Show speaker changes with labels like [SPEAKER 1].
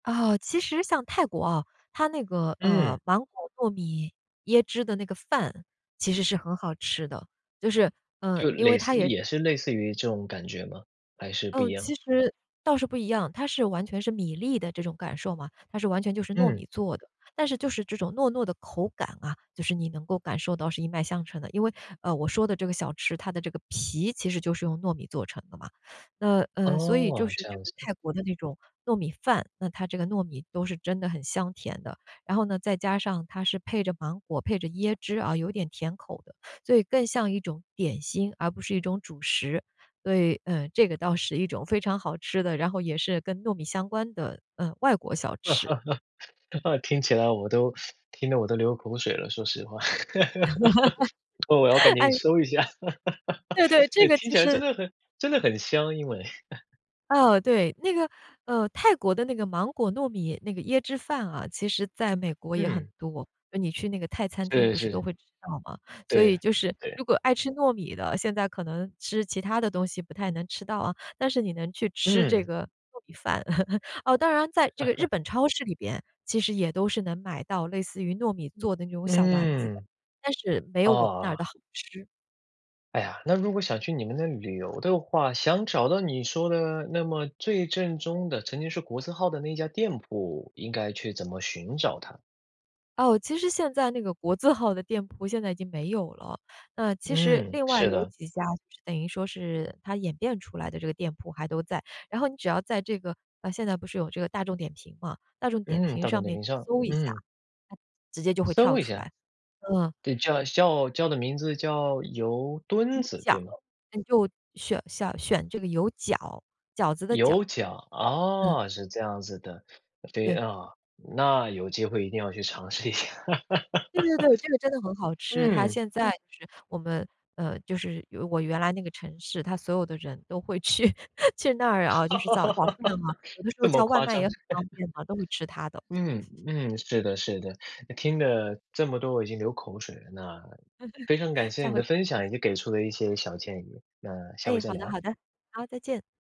[SPEAKER 1] 啊，其实像泰国啊，它那个，呃，
[SPEAKER 2] 嗯。
[SPEAKER 1] 芒果糯米椰汁的那个饭其实是很好吃的，就是，呃，
[SPEAKER 2] 就
[SPEAKER 1] 因为
[SPEAKER 2] 蕾
[SPEAKER 1] 它
[SPEAKER 2] 似
[SPEAKER 1] 也
[SPEAKER 2] 也是类似于这种感觉吗，还是不
[SPEAKER 1] 呃，
[SPEAKER 2] 一
[SPEAKER 1] 其
[SPEAKER 2] 样？
[SPEAKER 1] 实倒是不一样，它是完全是米粒的这种感受嘛，它是完全就是糯
[SPEAKER 2] 嗯。
[SPEAKER 1] 米做的。但是就是这种糯糯的口感啊，就是你能够感受到是一脉相承的。因为，呃，我说的这个小吃，它的这个皮其实就是用糯米做成的嘛。那，嗯，所以就
[SPEAKER 2] 哦，
[SPEAKER 1] 是
[SPEAKER 2] 这
[SPEAKER 1] 这
[SPEAKER 2] 样
[SPEAKER 1] 个
[SPEAKER 2] 子。
[SPEAKER 1] 泰国的那种糯米饭，那它这个糯米都是真的很香甜的。然后呢，再加上它是配着芒果、配着椰汁啊，有点甜口的，所以更像一种点心，而不是一种主食。对，嗯，这个倒是一种非常好吃的，然后也是跟糯米相关的，呃，外国小吃。
[SPEAKER 2] 那个听起来我都 听得我都流口水了，说实话，我要赶紧
[SPEAKER 1] 哎。
[SPEAKER 2] 搜一下。
[SPEAKER 1] 对对，这个
[SPEAKER 2] 听
[SPEAKER 1] 其
[SPEAKER 2] 起来真
[SPEAKER 1] 实
[SPEAKER 2] 的很真的很香，因为。
[SPEAKER 1] 哦，对，那个，呃，泰国的那个芒果糯米那个椰汁饭啊，其实在美国也很
[SPEAKER 2] 嗯。
[SPEAKER 1] 多。呃你去那个泰餐厅
[SPEAKER 2] 是
[SPEAKER 1] 不是都
[SPEAKER 2] 是。
[SPEAKER 1] 会吃到嘛，所以
[SPEAKER 2] 对
[SPEAKER 1] 就是
[SPEAKER 2] 对。
[SPEAKER 1] 如果爱吃糯米的，现在可能吃其他的东西不太能吃到啊，但是你能去吃这
[SPEAKER 2] 嗯。
[SPEAKER 1] 个糯米饭。哦，当然在这个日 本超市里边，其实也都是能买到类似于糯米做
[SPEAKER 2] 嗯，
[SPEAKER 1] 的那种小丸子的，
[SPEAKER 2] 嗯。
[SPEAKER 1] 但是没有我们那儿
[SPEAKER 2] 哦。
[SPEAKER 1] 的好吃。
[SPEAKER 2] 哎呀，那如果想去你们那旅游的话，想找到你说的那么最正宗的曾经是国字号的那一家店铺，应该去怎么寻找它？
[SPEAKER 1] 哦，其实现在那个国字号的店铺现在已经没有了，那其实
[SPEAKER 2] 嗯，
[SPEAKER 1] 另外
[SPEAKER 2] 是
[SPEAKER 1] 有
[SPEAKER 2] 的。
[SPEAKER 1] 几家，等于说是它演变出来的这个店铺还都在。然后你只要在这个啊，现在不是有这个大众点评嘛，大众点
[SPEAKER 2] 嗯，
[SPEAKER 1] 评
[SPEAKER 2] 大众
[SPEAKER 1] 上
[SPEAKER 2] 点
[SPEAKER 1] 面
[SPEAKER 2] 评
[SPEAKER 1] 去
[SPEAKER 2] 上，
[SPEAKER 1] 搜一下，
[SPEAKER 2] 嗯。
[SPEAKER 1] 直接就会跳
[SPEAKER 2] 搜一
[SPEAKER 1] 出
[SPEAKER 2] 下。
[SPEAKER 1] 来，嗯。
[SPEAKER 2] 对，叫叫叫的名字叫油墩
[SPEAKER 1] 油
[SPEAKER 2] 子，
[SPEAKER 1] 饺，
[SPEAKER 2] 对吗？
[SPEAKER 1] 你就选想选这个油饺，饺子的饺。
[SPEAKER 2] 油饺，
[SPEAKER 1] 嗯。
[SPEAKER 2] 哦，是这样子的，对
[SPEAKER 1] 对。
[SPEAKER 2] 啊。那有机会一定要去尝试一下。
[SPEAKER 1] 对对对，这个真的很好 吃，它
[SPEAKER 2] 嗯。
[SPEAKER 1] 现在是我们呃，就是我原来那个城市，它所有的人都会去去那儿啊，就是早早饭 嘛，有的时候
[SPEAKER 2] 这么
[SPEAKER 1] 叫外
[SPEAKER 2] 夸
[SPEAKER 1] 卖也
[SPEAKER 2] 张。
[SPEAKER 1] 很 方便啊，都会吃它的。
[SPEAKER 2] 嗯，嗯，是的是的。听了这么多，我已经流口水了。那非常 感谢
[SPEAKER 1] 下
[SPEAKER 2] 你
[SPEAKER 1] 回
[SPEAKER 2] 的
[SPEAKER 1] 尝
[SPEAKER 2] 分
[SPEAKER 1] 试一下。
[SPEAKER 2] 享，以及给出了一些小建议，那下回
[SPEAKER 1] 诶，
[SPEAKER 2] 再
[SPEAKER 1] 好的
[SPEAKER 2] 聊。
[SPEAKER 1] 好的，好，再见。